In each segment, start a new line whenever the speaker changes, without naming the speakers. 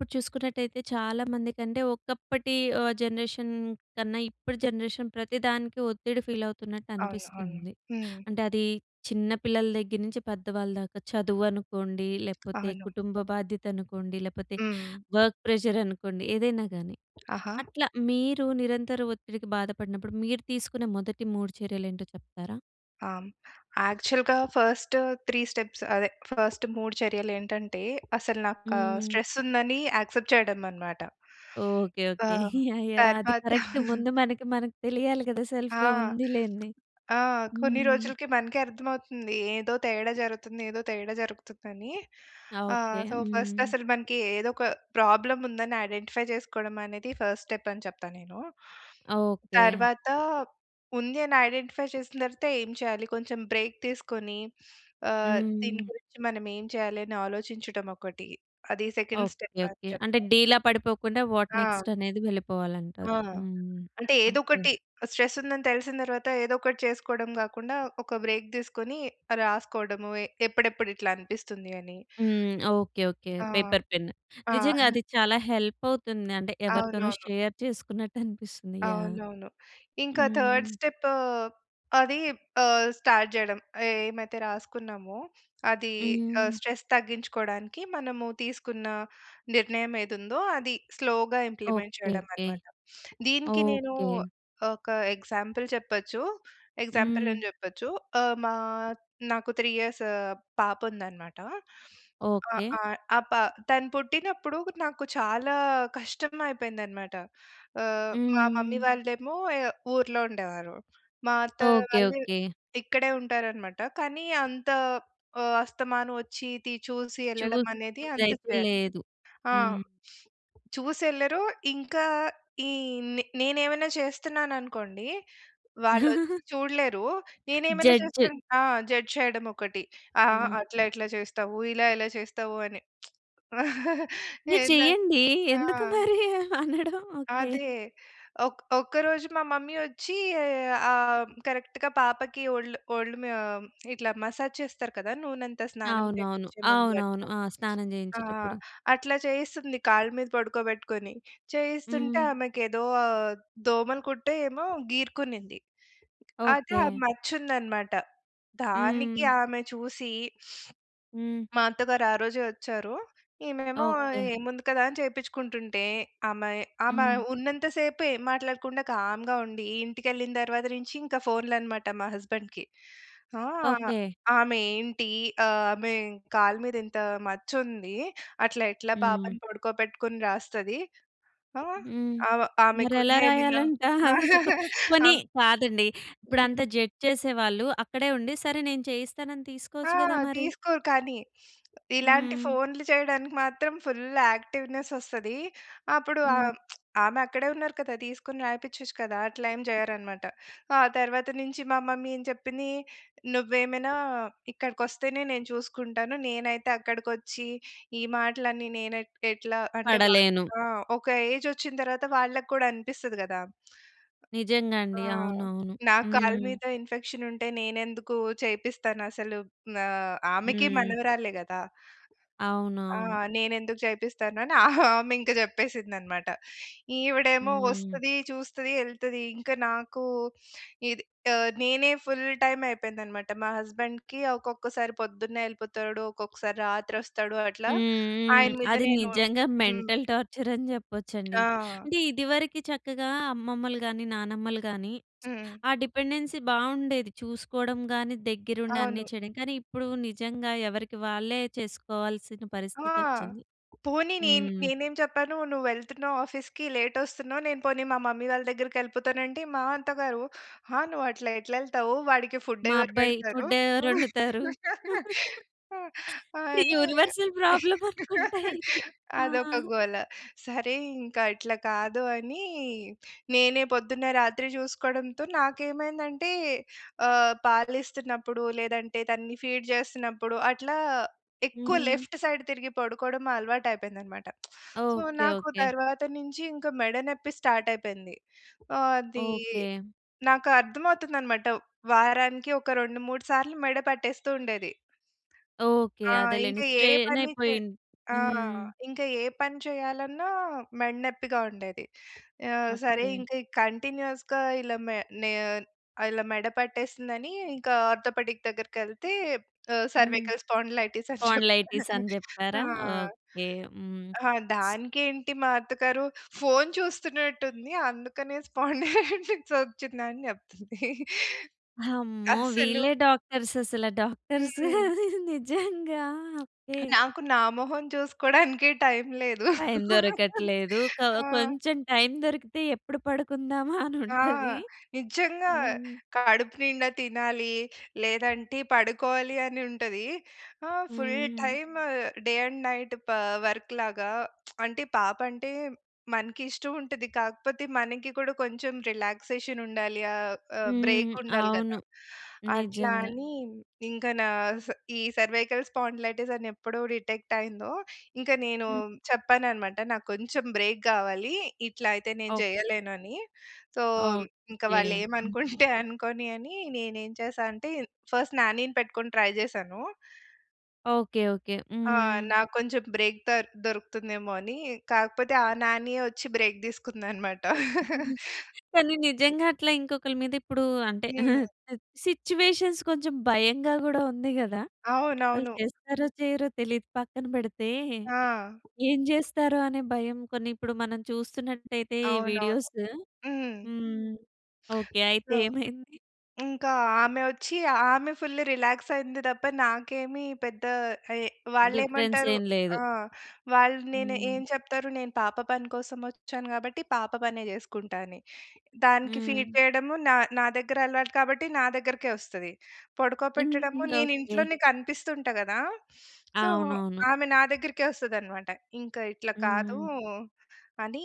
ఇప్పుడు చూసుకున్నట్టయితే చాలామంది కంటే, ఒకప్పటి ఆహ్, జనరేషన్ కన్నా ఇప్పుడు జనరేషన్ ప్రతి దానికి ఒత్తిడి ఫీలవుతున్నట్టు
అవును, అవును.
అనిపిస్తుంది.
హ్మ్.
అంటే, అదీ చిన్న పిల్లల దగ్గర నుంచి పెద్దవాళ్ళ దాకా. చదువు అనుకోండి, లేపోతే
అవును.
కుటుంబ బాధ్యత అనుకోండి, లేపోతే
హ్మ్.
వర్క్ ప్రెజరనుకోండి, ఏదైనా గానీ.
ఆహా!
అట్లా మీరు నిరంతర ఒత్తిడికి బాధపడినప్పుడు, మీరు తీసుకున్న మొదటి 3 చర్యలేంటో చెప్తారా?
ఆ! హ్మ్, యాక్చల్‌గా ఫస్ట్ 3 స్టెప్స్ అదే ఫస్ట్ 3 చర్యలేంటంటే, అసల నాకా
హ్మ్.
స్ట్రెస్సుందనీ యాక్సెప్ట్ చెయ్యడం అనమాట.
ఓకే.
ఆ!
ఓకే. యాహ్! యాహ్! అది
తర్వాత
కరక్ట్. ముందు మనకి మనకి తెలియాలి కదా!
ఆ!
సెల్ఫ్‌గా ఉంది లేంది.
ఆ! కొన్ని
హ్మ్.
రోజులకి మనకే అర్థమవుతుంది. ఏదో తేడా జరుగుతుంది, ఏదో తేడా జరుగుతుందనీ.
ఆా!
ఆహ్,
ఓకే.
సో, ఫస్ట్
హ్మ్.
అసలు మనకి ఏదొక ప్రాబ్లముందని ఐడెంటిఫై చేసుకోడం అనేది ఫస్టెప్పని చెప్తా నేనూ.
ఆ! ఓకే.
తర్వాతా ఉంది అని ఐడెంటిఫై చేసిన తరవాత ఏం చెయ్యాలి? కొంచం బ్రేక్ తీసుకొనీ ఆహ్, దీని
హ్మ్.
గురించి మనమేం చెయ్యాలి అని ఆలోచించటం ఒకటి. అది సెకండ్
ఓకే.
స్టెప్పని
ఓకే. అంటే,
చెప్తా.
డీలా పడిపోకుండా వాట్
ఆ!
నెక్స్ట్ అనేది
ఆ!
వెళ్ళిపోవాలంటారు. హ్మ్.
అంటే,
ఓకే.
ఏదోకటి. స్ట్రెస్సుందని తెలిసిన తరవాత ఏదోకటి చేసుకోడం గాకుండా, ఒక బ్రేక్ తీసుకొని రాసుకోడము, ఎ ఎప్పుడెప్పుడిట్లా అనిపిస్తుంది అని.
హ్మ్. ఓకే. ఓకే.
ఆ!
Paper, pen.
ఆ!
నిజంగా అది చాలా హెల్పవుతుంది. అంటే, ఎవరితోనో
అవునవును.
షేర్ చేసుకున్నట్టు అనిపిస్తుంది. యాహ్!
అవునవును. ఇంకా థర్డ్
హ్మ్.
స్టెప్పూ అదీ ఆహ్, స్టార్ట్ చెయడం, ఏమైతే రాసుకున్నామో, అదీ ఆహ్,
హ్మ్.
స్ట్రెస్ తగ్గించుకోడానికి మనము తీసుకున్న నిర్ణయం ఏదుందో, అది స్లో‌గా
ఓకే.
Implement చెయడం
okay.
అనమాట. దీనికి నేనూ
ఓకే.
ఒకా ఎగ్జాంపుల్ చెప్పచ్చు.
హ్మ్.
ఎగ్జాంపులని చెప్పొచ్చు. ఆహ్, మా నాకు 3 ఇయర్స్ పాపుందనమాట. ఆహ్,
ఓకే.
ఆహ్, ఆ పా తను పుట్టినప్పుడు నాకు చాలా కష్టం అయిపోయింది అనమాట. ఆహ్, మా మమ్మీ
హ్మ్.
వాళ్ళేమో ఎ ఊర్లో ఉండేవారు. మా అత్తయ్య
ఓకే.
వాళ్ళు
ఓకే.
ఇక్కడే ఉంటారనమాట, కానీ అంతా ఆహ్, అస్తమానం వచ్చీ తి చూసి యెళ్ళడం అనేది అంత
చూసేదైతే
పె
లేదు.
ఆ!
హ్మ్.
చూసెళ్ళరు. ఇంకా ఈ నె నేనేవన్నా చేస్తన్నాననుకోండి, వాళ్ళొచ్చి చూడలేరు. నేను ఏమన్నా
జడ్జ్.
చేస్తుంట్ ఆ! జడ్జ్ చేయడమొకటి. "అహహ!
హ్మ్.
అట్లేలెట్ల చేస్తావు. ఇలా ఎలా చేస్తావు" అని.
మీరు
ఏదా
చెయ్యండీ.
ఆ!
ఎందుకు మరి అనడం. ఓకే.
అదే. ఒక్క ఒక్కరోజు మా మమ్మీ వొచ్చీ ఆహ్, కరక్ట్‌గా పాపకి ఒళ్లు ఒళ్ళుమ్యా ఇట్లా మసాజ్ చేస్తారు కదా! నూనంతా, స్నానం
అవునవును.
చేపిచ్చే ముందు
అవునవును.
అట్లా.
ఆ! స్నానం
ఆ!
చేయించేటప్పుడు.
అట్లా చేయిస్తుంది కాళ్ళ మీద పడుకోబెట్టుకొని. చేయిస్తుంటే,
హ్మ్.
ఆమెకేదో దోమలు కుట్టో ఏమో గీరుకునింది. అయితే, ఆ
ఓకే.
మచ్చుందనమాట. దానికి
హ్మ్.
ఆమె చూసీ
హ్మ్.
మా అత్తగారు ఆ రోజే వచ్చారు. ఈమే‌మో
ఓకే.
ఏముంది కదా! అని చేపిచ్చుకుంటుంటే, ఆమె ఆమె
హ్మ్.
ఉన్నంత సేపు ఏం మాట్లాడకుండా కామ్‌గా ఉండి, ఇంటికెళ్ళిన తర్వాత నించి ఇంక ఫోన్‌లనమాట మా హస్బెండ్‌కి. ఆ!
ఓకే.
"ఆమేంటి? ఆహ్, ఆమె కాళ్ళ మీద ఇంత మచ్చుంది. అట్లా ఎట్లా
హ్మ్.
పాపని పొడుకోపెట్టుకొని రాస్తది." ఆ!
హ్మ్,
ఆమ ఆమెకున్న
మరెలా
ఎమనా
రాయాలంటా? అదో చొకొ పోనీ
ఆమ్
కాదండి. ఇప్పుడంత
హ్మ్.
జడ్జ్ చేసేవాళ్ళు అక్కడే ఉండి, సరే! నేను చేయిస్తానని
ఆ!
తీసుకోవచ్చు గదా! మరి.
తీసుకోరు కానీ. ఇలాంటి
హ్మ్.
ఫోన్‌లు చేయడానికి మాత్రం ఫుల్లు యాక్టివ్‌నెసొస్తది. అప్పుడు
హ్మ్.
ఆమ్ ఆమె అక్కడే ఉన్నారు కదా! తీసుకొని రాయిపిచచ్చు కదా! అట్లా ఏం చెయ్యరనమాట. ఆ తర్వాత నించి మా మమ్మీ ఏం చెప్పిందీ, నువ్వేమైనా ఇక్కడకొస్తేనే నేను చూసుకుంటాను. నేనైతే అక్కడకొచ్చీ, ఈ మాటలన్నీ నేను ఎట్ ఎట్లా అంటే, వాళ్ళకి
పడలేను.
ఆ! ఒక ఏజొచ్చిన తరవాత వాళ్ళక్కూడా అనిపిస్తది గదా!
నిజంగా
ఆ!
అండి. అవునవును.
నా కాళ్ళ
హ్మ్.
మీద ఇన్ఫెక్షనుంటే నేనెందుకూ చేపిస్తానసలు. ఆహ్, ఆమెకి
హ్మ్.
మనవరాలే గదా! ఆ!
అవునవును.
నేనెందుకు చేపిస్తాను అని ఆమి ఇంక చెప్పేసింది అనమాట. ఈవిడేమో
హ్మ్.
వస్తది, చూస్తది, యెళ్తది. ఇంక నాకూ ఇద్ ఆహ్, నేనే ఫుల్ టైమ్ అయిపోయిందనమాట. మా హస్బెం‌డ్‌కి ఒక్కొక్కసారి పొద్దున్నే యెళ్ళిపోతాడు. ఒక్కొక్కసారి రాత్రొస్తాడు. అట్లా
హ్మ్. హ్మ్.
ఆయన మీద
అది
నేను
నిజంగా
హ్మ్.
మెంటల్ టార్చరని చెప్పొచ్చండి.
ఆ!
అంటే, ఇదివరికి చక్కగా అమ్మమ్మలు గానీ, నానమ్మలు గానీ
హ్మ్.
ఆ డిపెండెన్సీ బావుండేది చూసుకోవడం గానీ, దెగ్గిరుండి అన్నీ
అవును.
చెయడం, కానీ ఇప్పుడూ నిజంగా ఎవరికి వాళ్ళే చేసుకోవాల్సిన
ఆ!
పరిస్థితొచ్చింది.
పోనీ నేన్
హ్మ్.
నేనేం చెప్పాను, "నువ్వెళ్తున్నావు ఆఫీస్‌కి, లేటొస్తున్నావు. నేను పోనీ మా మమ్మీ వాళ్ళ దగ్గరికెళ్ళిపోతాను" అంటే, మా అత్త గారు "ఆ! నువ్వు అట్లా ఎట్లెళ్తవు. వాడికి
మా
ఫుడ్డెవరు
అబ్బాయి.
పెడతరు?"
ఫుడ్డు ఎవరొండుతారు?
అనీ
యూనివర్సల్ ప్రాబ్లమనుకుంటా ఇది. ఆ!
అదొక గోల. సరే ఇంక అట్ల కాదు అనీ, నేనే పొద్దున్న, రాత్రి చూసుకోడంతో నాకు ఏమైందంటే, ఆహ్, పాలిస్తున్నప్పుడు లేదంటే, తన్ని ఫీడ్ చేస్తన్నప్పుడు, అట్లా ఎక్కువ
హ్మ్.
లెఫ్ట్ సైడ్ తిరిగి పడుకోడం అలవాటైపోయింది అనమాట. So,
okay.
నాకు
ఓకే.
తరవాత నించి ఇంక మెడ నెప్పి స్టార్టయిపోయింది. ఆదీ
ఓకే.
నాకర్థమవుతుందనమాట. వారానికి ఒక 2, 3 సార్లు మెడ పట్టేస్తూ ఉండేది.
ఓకే.
ఆ! ఇంక
అదేలెండి.
ఏ పనీ చే
స్ట్రెయినయిపోయిన్
ఆ!
హ్మ్.
ఇంకా ఏ పని చెయ్యాలన్నా మెడ నెప్పిగా ఉండేది. ఆహ్, సరే
ఓకే.
ఇంక కంటిన్యూయస్‌గా ఇలా మే నే ఆహ్, ఇలా మెడ పట్టేసిందనీ ఇంకా ఆర్థోపెడిక్ దగ్గరకెళ్తే, ఆహ్,
హ్మ్.
సర్వికల్ స్పాండిలైటిస్ అని చెప్పా
స్పాండిలైటిసని
ఆ!
చెప్పారా? ఓకే. హ్మ్.
ఆహ్, దానికేంటి మా అత్తగారు, "ఫోన్ చూస్తున్నట్టుంది అందుకనే స్పాండిలైటిసొచ్చిందని" చెప్తుంది.
హమ్మో!
అసలు
వీళ్ళే డాక్టర్స్ అసల డాక్టర్సు
హ్మ్.
నిజంగా, ఓకే.
నాకు, నా మొహం చూసుకోడానికే టైమ్ లేదు.
టైమ్ దొరకట్లేదు. క
ఆ!
కొంచెం టైమ్ దొరికితే ఎప్పుడు పడుకుందామా
ఆ!
అనుంటది.
నిజ్జంగా.
హ్మ్.
కడుపు నిండా తినాలీ లేదంటే, పడుకోవాలి అని ఉంటది. ఆ!
హ్మ్,
ఫుల్
హ్మ్.
టైమ్ డే అండ్ నైట్ పా వర్క్‌లాగా అంటే, పాపంటే మనకిష్టవుంటది. కాకపోతే, మనకి కూడా కొంచెం రిలాక్సేషనుండాలి. ఆహ్, ఆహ్,
హ్మ్.
బ్రేకుండాలి
అవును.
గదా! అట్లా
నిజంగా.
అని, ఇంక నాస్ ఈ సర్వైకల్ స్పాండిలైటిస్ అని ఎప్పుడో డిటెక్టయిందో, ఇంక నేనూ
హ్మ్.
చెప్పాననమాట, నాకు కొంచెం బ్రేక్ గావాలీ. ఇట్లా అయితే నేను
ఓకే.
జెయ్యలేను అని. సో, ఇంక
ఓకే.
వాళ్ళేమనుకుంటే
హ్మ్.
అనుకోని అనీ, నేనేం చేశా అంటే, ఫస్ట్ నాని‌ని పెట్టుకొని ట్రై చేశాను.
ఓకే. ఓకే.
ఆ!
హ్మ్.
నాకు కొంచెం బ్రేక్ దర్ దొరుకుతుందేమో అని. కాకపోతే ఆ నానియే వచ్చి బ్రేక్ తీసుకుందనమాట.
కానీ నిజంగా అట్లా ఇంకోకల మీద ఇప్పుడు అంటే
హ్మ్.
సిట్యుయేషన్స్ కొంచెం భయంగా గూడా ఉంది గదా! వాళ్ళు
అవునవును.
చేస్తారో, చెయ్యరో తెలియదు. పక్కన పెడితే
ఆ!
ఏం జేస్తారో అనే భయం. కొన్ని ఇప్పుడు మనం చూస్తునట్టయితే ఈ
అవునవును.
వీడియోసు
హ్మ్.
హ్మ్, ఓకే. అయితే ఏమైంది?
ఇంకా ఆమె వచ్చి, ఆమె ఫుల్ రిలాక్స్ అయ్యింది తప్ప నాకేమి పెద్ద ఎహ్, వాళ్ళు
డిఫరెన్స్
ఏమంటారు
ఏం లేదు?
ఆహ్, వాళ్ళు నేను ఏం
హ్మ్.
చెప్తారు, "నేను పాప పని కోసం వచ్చాను గాబట్టి, పాప పనే చేసుకుంటా" అని. దానికి ఫీడ్
హ్మ్.
చేయడము నా నా దగ్గర అలవాటు కాబట్టి దగ్గరకే వస్తది. పడుకోపెట్టడము
ఇంకింగా
నేను
ఓకే.
ఇంట్లోనే కనిపిస్తుంటా గదా! సో
అవునవును.
ఆమె నా దగ్గరికే వస్తది అన్నమాట. ఇంకా ఇట్లా
హ్మ్.
కాదు
హ్మ్.
అని,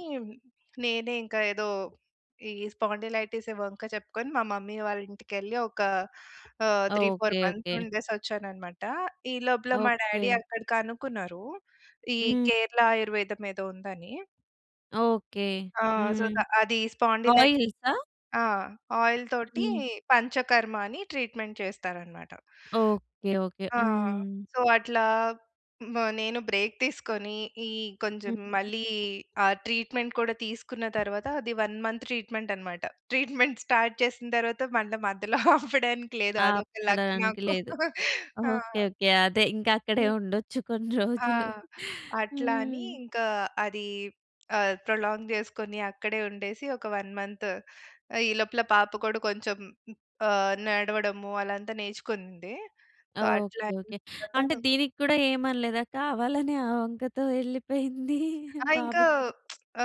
నేనే ఇంకా ఏదో ఈ స్పాండిలైటిస్ ఈ వంకా చెప్పుకొని మా మమ్మీ వాళ్ళ ఇంటికి ఎళ్ళి ఒక ఆహ్, 3, 4
ఓకే.
Months
okay.
ఉండేసి వచ్చాను అన్నమాట. ఈ లోపల మా డ్యాడీ
ఓకే.
అక్కడ కనుక్కున్నారు. ఈ
హ్మ్.
కేరళ ఆయుర్వేదం ఏదో ఉందని.
ఓకే.
ఆ! సో,
హ్మ్.
ద అది స్పాండిలైట్
ఆయిల్సా?
ఆ! ఆయిల్ తోటి
హ్మ్.
పంచకర్మ అని ట్రీట్మెంట్ చేస్తారనమాట.
ఓకే. ఓకే.
ఆ!
హ్మ్.
సో, అట్లా బ్ నేను బ్రేక్ తీసుకొని, ఈ
హ్మ్.
కొంచం మళ్ళీ ఆ ట్రీట్మెంట్ కూడా తీసుకున్న తరువాత అది 1 మంత్ ట్రీట్మెంటనమాట. ట్రీట్మెంట్ స్టార్ట్ చేసిన తరువాత మళ్ళా మధ్యలో ఆపడానికి లేదు. అదొక లక్
ఆపడానికి
నాకు.
లేదు.
ఆ!
ఓకే. ఓకే. అదే ఇంకక్కడే
హ్మ్.
ఉండొచ్చు కొన్ని
ఆ!
రోజులు.
అట్లా అని
హ్మ్.
ఇంకా, అదీ ఆహ్, ప్రొలాంగ్ జేసుకొని అక్కడే ఉండేసి, ఒక 1 మంత్ ఆహ్, ఈ లోపల పాప కూడా కొంచెం ఆహ్, నడవడము అలా అంతా నేర్చుకుంది. సో, అట్లా
ఓకే.
అయిన
ఓకే. అంటే
తరువాత
దీనికి కూడా ఏమి అనలేదా? కావాలనే ఆ వంకతో ఎళ్ళిపోయింది
ఆ! ఇంకా
బాబుకి
ఆ!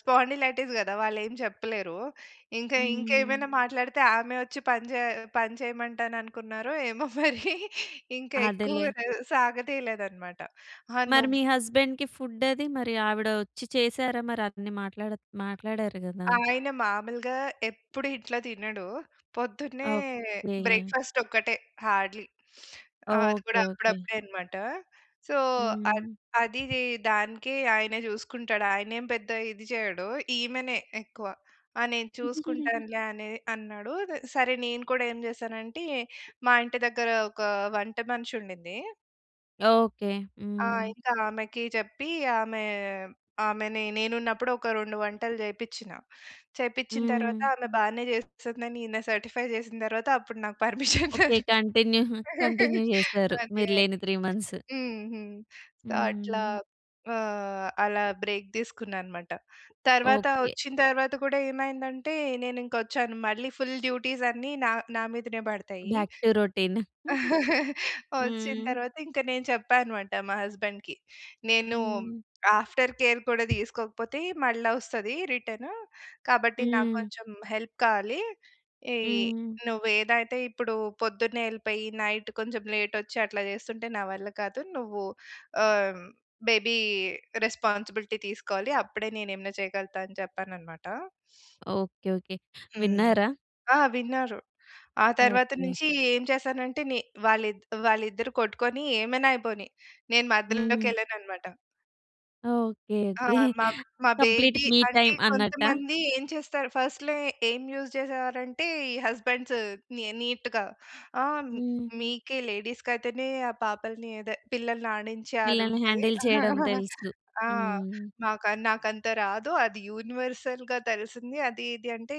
స్పాండిలైటిస్ గదా! వాళ్ళేం జెప్పలేరూ. ఇంక
హ్మ్.
ఇంకేమైనా మాట్లాడితే ఆమె ఒచ్చి పని చేయ పని చేయమంటాననుకున్నారో ఏమో మరి. ఇంక ఎక్కువ
అదేలే.
ఆహ్, సాగ తీయలేదనమాట. హా!
మరి
నువ్
మీ హస్బెండ్‌కి ఫుడ్ అదీ, మరి ఆవిడ ఒచ్చి చేసారా? మరి అన్ని మాట్లాడా మాట్లాడారు గదా!
ఆయన మామూలుగా ఎప్పుడు ఇట్లా తినడు. పొద్దున్నే
ఓకే.
బ్రేక్‌ఫాస్టొక్కటే హార్డ్‌లీ. ఆహ్, అది
ఓకే.
కూడా
ఓకే.
అప్పుడప్పుడే అనమాట. సో, అద్
హ్మ్.
అదీదీ దానికి ఆయనే చూసుకుంటాడు. ఆయనేం పెద్ద ఇది చేయడు, ఈమెనే ఎక్కువ ఆహ్, నేను చూసుకుంటానులే అనే అన్నాడు. దె సరే నేను కూడా ఏం చేశానంటే, మా ఇంటి దెగ్గర ఒక వంట మనిషుండింది
ఓకే.
ఆ!
హ్మ్.
ఇంకా ఆమెకి చెప్పి ఆమె, ఆమెని నేనున్నపుడు ఒక 2 వంటలు చేపిచ్చినా. చేపిచ్చిన తరువాత
హ్మ్.
ఆమె బానే చేస్తందని ఈయన సర్టిఫై జేసిన తరవాత, అప్పుడు నాకు పర్మిషన్ దొ
ఓకే. కంటిన్యూ, కంటిన్యూ జేసారు.
అదే
మీరు
అదే.
లేని 3 మంత్స్.
హ్మ్. హ్మ్. సో, అట్లా
హ్మ్.
ఆహ్, అలా బ్రేక్ దీసుకున్నా అనమాట. తర్వాత
ఓకే.
వచ్చిన తరువాత కూడా ఏమైందంటే, నేనింకొచ్చాను. మళ్ళి ఫుల్ డ్యూటీస్ అన్నీ నా నా మీదనే బడతయి.
Back to routine.
వచ్చిన
హ్మ్.
తరువాతింక నేను చెప్పా అనమాట. మా హస్బాండ్‌కి, నేను
హ్మ్.
ఆఫ్టర్ కేర్ కూడా తీసుకోకపోతే మళ్ళా ఒస్తది రిటను. కాబట్టి, నాకు
హ్మ్.
కొంచెం హెల్ప్ కావాలి. ఇయ్యి,
హ్మ్.
నువ్వేదైతే ఇప్పుడు పొద్దున్నే యెళ్ళిపోయి, నైట్ కొంచెం లేటొచ్చి, అట్లా జేస్తుంటే నా వల్ల కాదు. నువ్వు ఆహ్, హ్మ్, బేబీ రెస్పాన్సిబిలిటీ తీసుకోవాలి. అప్పుడే నేనేమన్నా చేయగలతా అని చెప్పాననమాట.
ఓకే. ఓకే.
హ్మ్.
విన్నారా?
ఆ! విన్నారు. ఆ తరువాత
ఓకే.
నుంచీ ఏం చేశానంటే, ని వాళ్ళిద్ వాళ్ళిద్దరు కొట్టుకొని ఏమైనా అయిపోని. నేను
హ్మ్.
మధ్యలోకెళ్ళననమాట.
ఓకే.
ఆ!
ఓకే.
మా, మా
కంప్లీట్
బేబీ
మీ
అంటే
టైమ్ అన్నట్టా?
కొంతమంది ఏం చేస్తారు? ఫస్ట్‌లో ఏం యూజ్ చేసేవారంటే ఈ హస్బండ్స్ నీ నీట్‌గా, ఆహ్, మీ
హ్మ్.
మీకే లేడీస్‌కి అయితేనే ఆ పాపల్ని, అదే పిల్లల్ని ఆడించే అది
పిల్లల్ని
ఉంటది.
హ్యాండిల్ చేయడం తెలుసు.
ఆహ్,
హ్మ్.
నాకా, నాకంత రాదు. అది యూనివర్సల్‌గా తెలిసింది. అది ఇది అంటే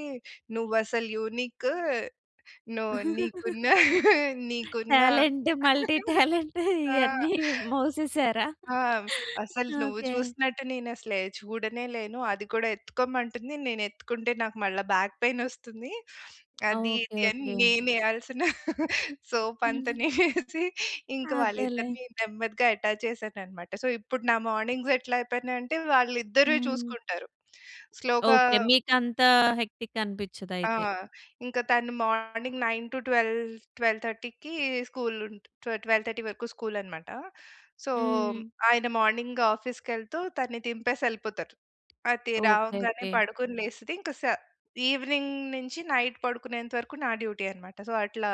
నువ్వు అసలు యూనిక్. నువ్వు నీకున్న నీకున్న
టాలెంట్. మల్టీ టాలెంట్
ఆ!
ఇయన్నీ మోసేసారా?
ఆ! అసలు నువ్వు
ఓకే.
చూసినట్టు నేను అసలే చూడనేలేను. అది కూడా ఎత్తుకోమంటుంది. నేను ఎత్తుకుంటే నాకు మళ్ళా బ్యాక్ పెయిన్ వస్తుంది. అది,
ఓకే.
ఇది అని
ఓకే.
నేను ఎయాల్సిన సోప్ అంత నేనేసి ఇంక
అదేలే.
వాళ్ళిద్దరిని నెమ్మదిగా అటాచ్ చేశానన్నమాట. సో ఇప్పుడు నా మార్నింగ్స్ ఎట్లా అయిపోయినయంటే, వాళ్ళిద్దరూ
హ్మ్.
చూసుకుంటారు. స్లో‌గా
ఓకే. మీకు అంత హెక్టిక్
ఆ!
అనిపించదయితే.
ఇంక తను మార్నింగ్ 9:00-12:00, 12:30కి స్కూల్ ఉం 12:00, 12:30 వరకు స్కూల్ అన్నమాట. సో
హ్మ్.
ఆయన మార్నింగ్ ఆఫీస్‌కెళ్తూ తనని దింపేసి ఎళ్ళిపోతారు. అయితే
ఓకే.
రావంగానే
ఓకే.
పడుకొని లేస్తది. ఇంకా సా ఈవెనింగ్ నుంచి నైట్ పడుకునేంత వరకు నా డ్యూటీ అన్నమాట. సో అట్లా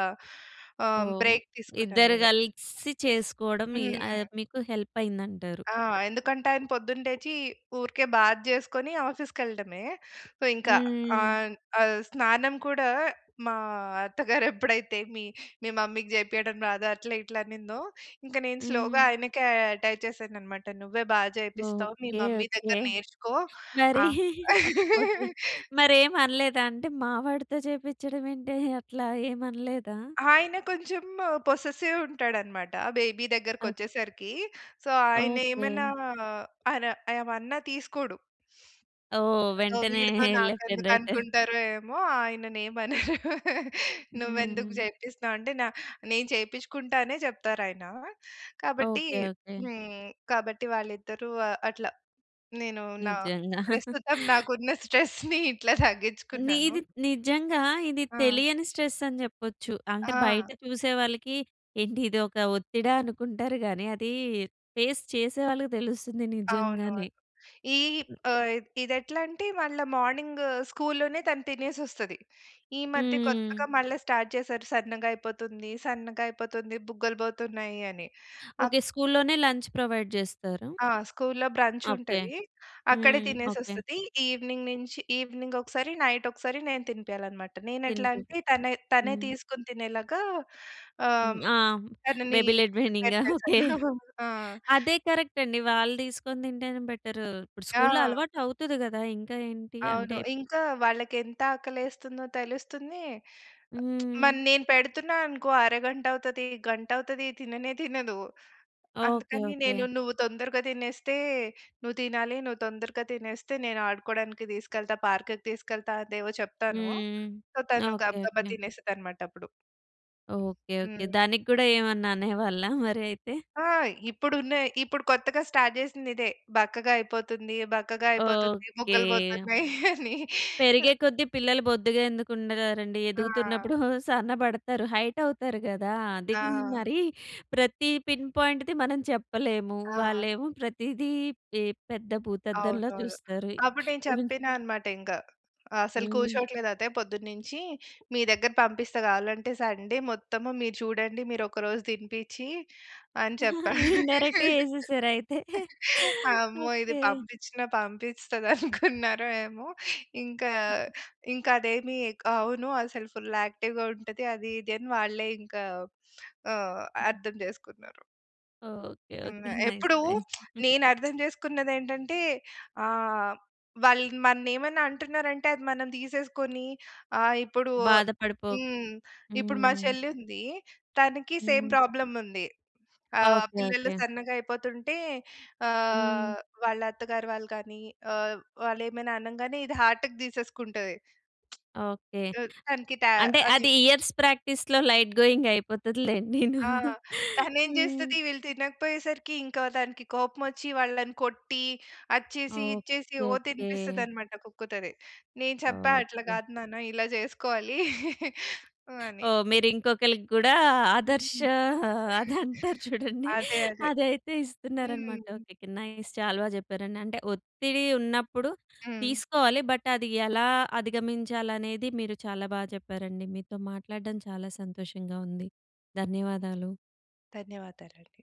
ఆహ్,
ఓహ్!
బ్రేక్ తీసుకున్నా
ఇద్దరు
నేను.
కలిసి చేసుకోవడం మీ
హ్మ్.
అది మీకు హెల్ప్ అయిందంటారు.
ఆహ్, ఎందుకంటే ఆయన పొద్దున్న లేచి ఊరికే బాత్ చేసుకొని ఆఫీస్‌కి ఎళ్ళడమే. సో ఇంక
హుహుహు.
ఆహ్, ఆహ్, స్నానం కూడా మా అత్తగారు ఎప్పుడైతే మీ, మీ మమ్మీకి చేపియడం రాదా? అట్లా, ఇట్లా, అనిందో ఇంక నేను స్లోగా
హ్మ్.
ఆయనకే ఆహ్, అటాచ్ చేశానన్నమాట. నువ్వే బాగా చేపిస్తావు. మీ
ఓకే.
Mummy
okay.
దగ్గర నేర్చుకో.
మరీ
ఆ!
ఓకే. మరి ఏమి అనలేదా అండి మా వాడితో చేపించడం ఏంటే? అట్లా ఏమి అనలేదా?
ఆయన కొంచెం పొసెసివ్ ఉంటాడన్నమాట బేబీ
ఆక్
దగ్గరికొచ్చేసరికి. సో ఆయన ఏమన్నా
ఓకే.
అన్నా ఏమన్నా తీసుకోడు.
ఓహ్!
సో
వెంటనే
వీడితో
లెఫ్ట్ అండ్
నాకెందుకు
రైట్.
అనుకుంటారో ఏమో ఆయనని ఏమనరు. నువ్వు ఎందుకు
హ్మ్.
చేపిస్తున్నావు? అంటే నా నేను చేపించుకుంటా అనే చెప్తారాయన. కాబట్టి
ఓకే. ఓకే.
హ్మ్. కాబట్టి వాళ్ళిద్దరూ ఆహ్, అట్లా నేను నా
నిజంగా.
ప్రస్తుతం నాకున్న స్ట్రెస్‌ని ఇట్లా తగ్గించుకున్నాను.
నీది నిజంగా ఇది
ఆ!
తెలియని స్ట్రెస్ అని చెప్పొచ్చు. అంటే బయట
ఆ!
చూసేవాళ్ళకి ఏంటి ఇదొక ఒత్తిడా? అనుకుంటారు గాని, అది ఫేస్ చేసే వాళ్ళకి తెలుస్తుంది నిజంగానే.
అవునవును. ఈ ఆహ్, ఇది ఎట్లా అంటే మళ్ళా మార్నింగ్ స్కూల్‌లోనే తను తినేసొస్తది. ఈ మధ్య
హ్మ్.
కొత్తగా మళ్ళా స్టార్ట్ చేశారు. సన్నగా అయిపోతుంది. సన్నగా అయిపోతుంది. బుగ్గలు పోతున్నాయి అని. ఆ
ఓకే. స్కూల్‌లోనే లంచ్ ప్రొవైడ్ చేస్తారా?
ఆహ్, స్కూల్‌లో బ్రంచ్
ఓకే.
ఉంటది. అక్కడే
హ్మ్.
తినేసి
ఓకే.
వస్తది. ఈవెనింగ్ నుంచి ఈవెనింగ్ ఒకసారి, నైట్ ఒకసారి నేను తినిపియాలన్నమాట. నేను ఎట్లా
తినిపించి
అంటే తనే, తనే
హ్మ్.
తీసుకొని తినేలాగా
హ్మ్.
ఆహ్,
ఆ!
తనని
బేబీ లెడ్
ప్రిపేర్
వెండింగా?
చేశాను.
ఓకే.
ఆ!
అదే కరెక్ట్ అండి. వాళ్ళు తీసుకొని తింటేనే బెటర్. ఇప్పుడు స్కూల్‌లో
ఆ!
అలవాటు అవుతది కదా! ఇంకా ఏంటి? అంటే
అవును. ఇంక వాళ్ళకి ఎంత ఆకలెస్తుందో తెలుస్తుంది.
హ్మ్.
మరి నేను పెడుతున్నా అనుకో అరగంట అవుతది. గంట అవుతది. తిననే తినదు.
ఓకే.
అందుకని
ఓకే.
నేను నువ్వు తొందరగా తినేస్తే నువ్వు తినాలి. నువ్వు తొందరగా తినేస్తే, నేను ఆడుకోవడానికి తీసుకెళ్తా. పార్క్‌కి తీసుకెళ్తా. అవేవో చెప్తాను.
హ్మ్.
సో తను
ఓకే.
గబగబా
ఓకే.
తినేస్తదన్నమాట అప్పుడు.
ఓకే. ఓకే.
హ్మ్.
దానికి కూడా ఏమన్నా అనేవాళ్ళా మరి అయితే?
ఆహ్, ఇప్పుడు ఉన్నాయి. ఇప్పుడు కొత్తగా స్టార్ట్ చేసింది ఇదే. బక్కగా అయిపోతుంది. బక్కగా అయిపోతుంది.
ఓకే.
బుగ్గలు పోతున్నాయి అని.
పెరిగే కొద్దీ పిల్లలు బొద్దుగా ఎందుకు ఉండగారండి?
ఆ!
ఎదుగుతున్నప్పుడు సన్నబడతారు. హైట్ అవుతారు కదా! అదండి
ఆ!
మరి ప్రతి పిన్ పాయింట్‌ది మనం చెప్పలేము.
ఆ!
వాళ్ళేమో ప్రతీదీ ఈ పెద్ద భూతద్దం‌లా
అవునవును.
చూస్తారు.
అప్పుడు నేను చెప్పినా అన్నమాట ఇంక. అసలు
హ్మ్.
కూర్చోవట్లేదు అత్తయ్య పొద్దున్నుంచి. మీ దగ్గర పంపిస్తా కావాలంటే సండే మొత్తం మీరు చూడండి. మీరు ఒక రోజు తినిపించి, అని చెప్పా.
ఇండైరెక్ట్‌గా ఎసేశారా అయితే.
అమ్మో! ఇది
ఓకే.
పంపించినా పంపిస్తదనుకున్నారో ఏమో! ఇంకా, ఇంకా అదేమి అవును అసలు ఫుల్ యాక్టివ్‌గా ఉంటది. అది ఇది అని వాళ్ళే ఇంకా ఆహ్, అర్థం చేసుకున్నారు.
ఓకె,
హ్మ్.
ఓకె. నైస్,
ఎప్పుడు
నైస్.
నేను అర్థం చేసుకున్నది ఏంటంటే ఆహ్, వాళ్ళు మన్ని ఏమైనా అంటున్నారంటే అది మనం తీసేసుకొని ఆహ్, ఇప్పుడు
బాధ పడిపోక్
హ్మ్, ఇప్పుడు మా
హ్మ్.
చెల్లి ఉంది. తనకి సేమ్
హ్మ్.
ప్రాబ్లమ్ ఉంది. ఆహ్,
ఓకె.
పిల్లలు
ఓకె.
సన్నగా అయిపోతుంటే
హ్మ్.
ఆహ్, వాళ్ళ అత్తగారు వాళ్ళు గాని ఆహ్, వాళ్ళు ఏమైనా అనంగానే ఇది హార్ట్‌కి తీసేసుకుంటది.
ఓకె.
తనకి టా
అంటే
అది.
అది ఇయర్స్ ప్రాక్టీస్‌లో లైట్ గోయింగ్ అయిపోతది లెండిను.
ఆ! తను ఏమి
ఆ!
చేస్తది వీళ్ళు తినకపోయేసరికి ఇంక దానికి కోపం వచ్చి వాళ్ళని కొట్టి, అది చేసి, ఇది చేసి
ఓకె.
ఓహ్! తినిపిస్తది
ఓకె.
అన్నమాట. కుక్కుతది, నేను చెప్పా అట్లా
ఓకె.
కాదు నాన్న ఇలా చేసుకోవాలి అని.
ఓహ్! మీరు ఇంకొకళ్ళకి కూడా ఆదర్శ అది అంటారు చూడండి.
అదే, అదే.
అదైతే ఇస్తున్నారనమాట.
హ్మ్.
ఓకె. ఓకె. నైస్ చాలా బా చెప్పారండి. అంటే ఒత్తిడి ఉన్నప్పుడు
హ్మ్.
తీసుకోవాలి. బట్ అది ఎలా అధిగమించాలి అనేది, మీరు చాలా బా చెప్పారండి. మీతో మాట్లాడడం చాలా సంతోషంగా ఉంది. ధన్యవాదాలు.
ధన్యవాదాలండి.